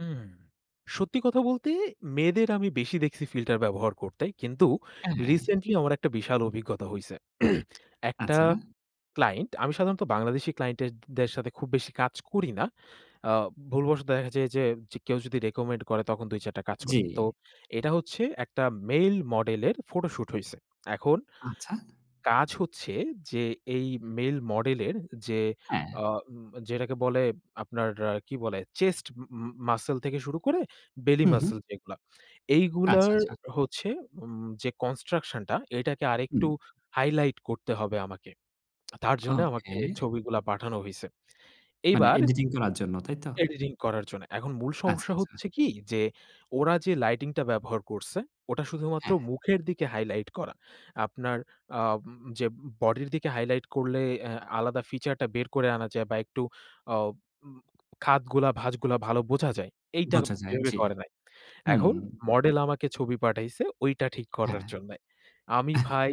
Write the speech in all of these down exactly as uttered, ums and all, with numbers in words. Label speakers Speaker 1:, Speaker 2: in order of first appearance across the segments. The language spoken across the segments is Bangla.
Speaker 1: হুম, সত্যি কথা বলতে মেয়েদের আমি বেশি দেখছি ফিল্টার ব্যবহার করতে। কিন্তু
Speaker 2: হ্যাঁ।
Speaker 1: রিসেন্টলি আমার একটা বিশাল অভিজ্ঞতা হইছে। একটা
Speaker 2: আচ্ছা।
Speaker 1: ক্লাইন্ট আমি সাধারণত বাংলাদেশি ক্লাইন্ট এর দের সাথে খুব বেশি কাজ করি না। আ ভুলবশত দেখা যায় যে জ কেউ যদি রিকমেন্ড করে তখন দুই চার টা কাজ করি। তো
Speaker 2: জি।
Speaker 1: এটা হচ্ছে একটা মেল মডেলের ফটোশুট হইছে। এখন
Speaker 2: আচ্ছা।
Speaker 1: কাজ হচ্ছে যে এই মেল মডেলের যে
Speaker 2: হ্যাঁ।
Speaker 1: আ উ যেটাকে বলে আপনার কি বলে চেস্ট ম মাসল থেকে শুরু করে বেলি
Speaker 2: হুম, হুম।
Speaker 1: মাসল যেগুলা।
Speaker 2: আচ্ছা,
Speaker 1: এইগুলোর
Speaker 2: আচ্ছা।
Speaker 1: হচ্ছে যে উম যে কনস্ট্রাকশন টা এটাকে
Speaker 2: হুম।
Speaker 1: আরেকটু হাইলাইট করতে হবে আমাকে। তার জন্যে
Speaker 2: ওকে।
Speaker 1: আমাকে ছবিগুলো পাঠানো হইছে।
Speaker 2: মানে
Speaker 1: এইবার
Speaker 2: এডিটিং করার জন্য, তাইতো?
Speaker 1: এডিটিং করার জন্য। এখন মূল
Speaker 2: আচ্ছা,
Speaker 1: সমস্যা
Speaker 2: আচ্ছা।
Speaker 1: হচ্ছে কি যে ওরা যে লাইটিং টা ব্যবহার করছে ওটা শুধুমাত্র
Speaker 2: হ্যাঁ।
Speaker 1: মুখের দিকে হাইলাইট করা। আপনার আ উ যে বডির দিকে হাইলাইট করলে আ আলাদা ফিচারটা বের করে আনা যায় বা একটু আ উ খাতগুলা ভাঁজগুলা ভালো বোঝা যায়। এইটা
Speaker 2: বোঝা যায়,
Speaker 1: [unintelligible]
Speaker 2: জি।
Speaker 1: করে নাই।
Speaker 2: হুম।
Speaker 1: এখন মডেল আমাকে ছবি পাঠাইছে ঐটা ঠিক
Speaker 2: হ্যাঁ।
Speaker 1: করার জন্যে। আমি ভাই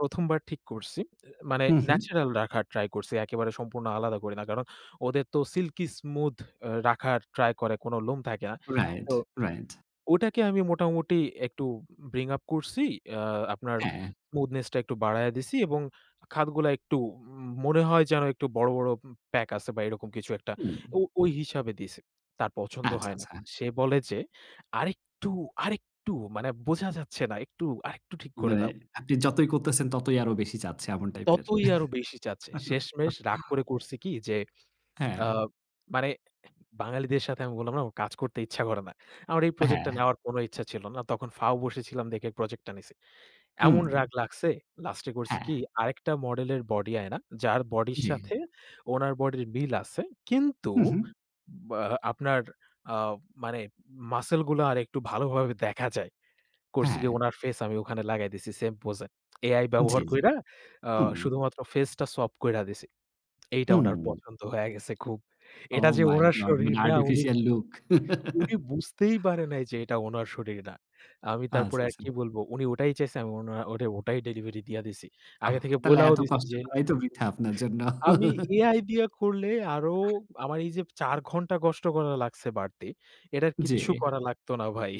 Speaker 1: প্রথম বার ঠিক করছি, এ মানে
Speaker 2: হুম, হুম।
Speaker 1: ন্যাচারাল রাখার ট্রাই করছি। একেবারে সম্পূর্ণ আলাদা করি না। কারণ ওদের তো সিল্কি স্মুথ আ রাখার ট্রাই করে কোনো লোম থাকে না।
Speaker 2: রাইট,
Speaker 1: তো
Speaker 2: রাইট।
Speaker 1: ওটাকে আমি মোটামুটি একটু ব্রিং আপ করছি। আ আপনার
Speaker 2: হ্যাঁ।
Speaker 1: স্মুথনেস টা একটু বারায়ে দিছি এবং খাতগুলা একটু মনে হয় যেন একটু বড়, বড় প্যাক আছে বা এরকম কিছু একটা
Speaker 2: হুম।
Speaker 1: তো অ ঐ হিসাবে দিয়েছি। তার পছন্দ
Speaker 2: আচ্ছা,
Speaker 1: হয় না।
Speaker 2: আচ্ছা।
Speaker 1: সে বলে যে আরেকটু, আরেকটু মানে বোঝা যাচ্ছে না। আরেকটু, আরেকটু ঠিক করে
Speaker 2: মানে
Speaker 1: দাও।
Speaker 2: আপনি যতই করতেছেন ততই আরো বেশি চাচ্ছে এমন টাইপের।
Speaker 1: ততই আরো বেশি চাচ্ছে। শেষমেশ রাগ করে করছি কি যে আ
Speaker 2: হ্যাঁ।
Speaker 1: মানে বাঙালিদের সাথে আমি বললাম না আমার কাজ করতে ইচ্ছা করে না। আমার এই প্রজেক্টটা
Speaker 2: হ্যাঁ।
Speaker 1: নেওয়ার কোনো ইচ্ছা ছিল না। তখন ফাও বসেছিলাম দেখে প্রজেক্টটা নিছি।
Speaker 2: হুম।
Speaker 1: এমন রাগ লাগছে, লাস্টে করছি
Speaker 2: হ্যাঁ।
Speaker 1: কি আরেকটা মডেলের বডি আয়না। যার বডির
Speaker 2: জি।
Speaker 1: সাথে ওনার বডির মিল আছে। কিন্তু
Speaker 2: হুম, হুম।
Speaker 1: ব্য আপনার আ মানে মাসল গুলো আরেকটু ভালোভাবে দেখা যায়। করছি
Speaker 2: হ্যাঁ।
Speaker 1: কি ওনার ফেস আমি ওখানে লাগায় দিছি সেম পোজ এ। AI
Speaker 2: জি,
Speaker 1: ব্যবহার
Speaker 2: জি।
Speaker 1: কইরা আ
Speaker 2: হুম।
Speaker 1: শুধুমাত্র ফেসটা swap কইরা দিছি। এইটা ওনার
Speaker 2: হুম।
Speaker 1: পছন্দ হইয়া গেছে খুব। এটা
Speaker 2: ওহ
Speaker 1: যে
Speaker 2: মাই
Speaker 1: উনার
Speaker 2: গড,
Speaker 1: শরীর
Speaker 2: মানে
Speaker 1: না উনি,
Speaker 2: আর্টিফিশিয়াল লুক।
Speaker 1: উনি বুঝতেই পারে নাই যে এটা উনার শরীর না। আমি
Speaker 2: আচ্ছা,
Speaker 1: তারপরে
Speaker 2: আচ্ছা।
Speaker 1: আরকি বলব, উনি ওটাই চাইছেন আমি ওটাই ডেলিভারি দিয়া দিছি।
Speaker 2: অহ!
Speaker 1: আগে থেকে
Speaker 2: তাইলে
Speaker 1: বলাও
Speaker 2: এত
Speaker 1: দিছি
Speaker 2: কষ্ট
Speaker 1: যে
Speaker 2: করাই তো বৃথা আপনার জন্য।
Speaker 1: আমি AI দিয়া করলে আরো আমার এই যে চার ঘণ্টা কষ্ট করা লাগছে বাড়তি। এটা
Speaker 2: জি।
Speaker 1: কিচ্ছু করা লাগতো না ভাই।